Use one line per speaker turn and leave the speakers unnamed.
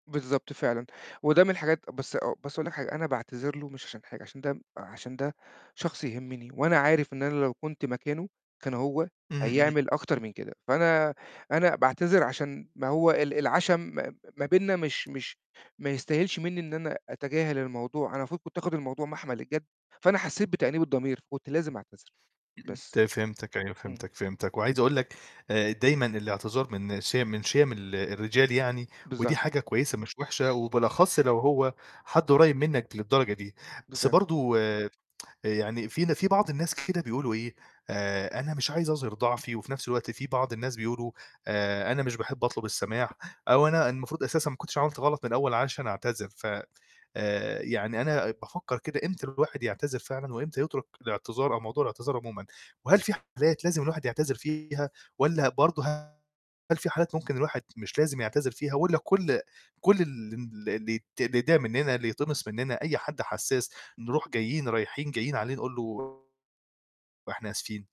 بالضبط، فعلًا، وده من الحاجات بس أ بس هاقول لك حاجة، أنا باعتذر له مش عشان حاجة عشان ده م عشان ده شخص يهمّني وأنا عارف إن أنا لو كنت مكانه كان هو
إمم، إمم.
هيعمل أكتر من كده، فأنا أنا باعتذر عشان ما هو ال العَشَم ما م ما بيننا مش مش ما يستاهلش منّي إن أنا أتجاهل الموضوع، أنا المفروض كنت آخُد الموضوع مَحمَل الجَد، فأنا حسّيت بتأنيب الضمير فكنت لازم أعتذر
إمم، إمم، ت
بس.
فهمتك أيوه،
إمم.
فهمتك، فهمتك، وعايز أقول لك آآ، دايمًا الإعتذار من شيَم من شيَم ال الرجال يعني ودي
بالظ
حاجة كويسة مش وِحشة وبالأخص لو هو حد قريّب منّك للدرجة دي، بس
[unintelligible]
برضه آآ يعني في ن في بعض الناس كده بيقولوا إيه: "آآ أنا مش عايز أظهِر ضعفي،" وفي نَفْس الوقت في بعض الناس بيقولوا: "آآ، أنا مش باحب أطلب السَماح أو أنا المفروض أساسًا ما كنتش عملت غلط من الأول عشان أنا أعتذر،" ف آآ يعني أنا بافكّر كده إمتى الواحد يعتذر فعلًا وإمتى يترُك الإعتذار أو موضوع الإعتذار عمومًا، وهل في حالات لازم الواحد يعتذر فيها والّا برضه هل في حالات ممكن الواحد مش لازم يعتذر فيها والّا كل كل الم ال اللي ت اللي يتضايق مننا، اللي يتقمص مننا، أي حد حساس نروح جايين رايحين جايين عليه نقول له إحنا آسفين.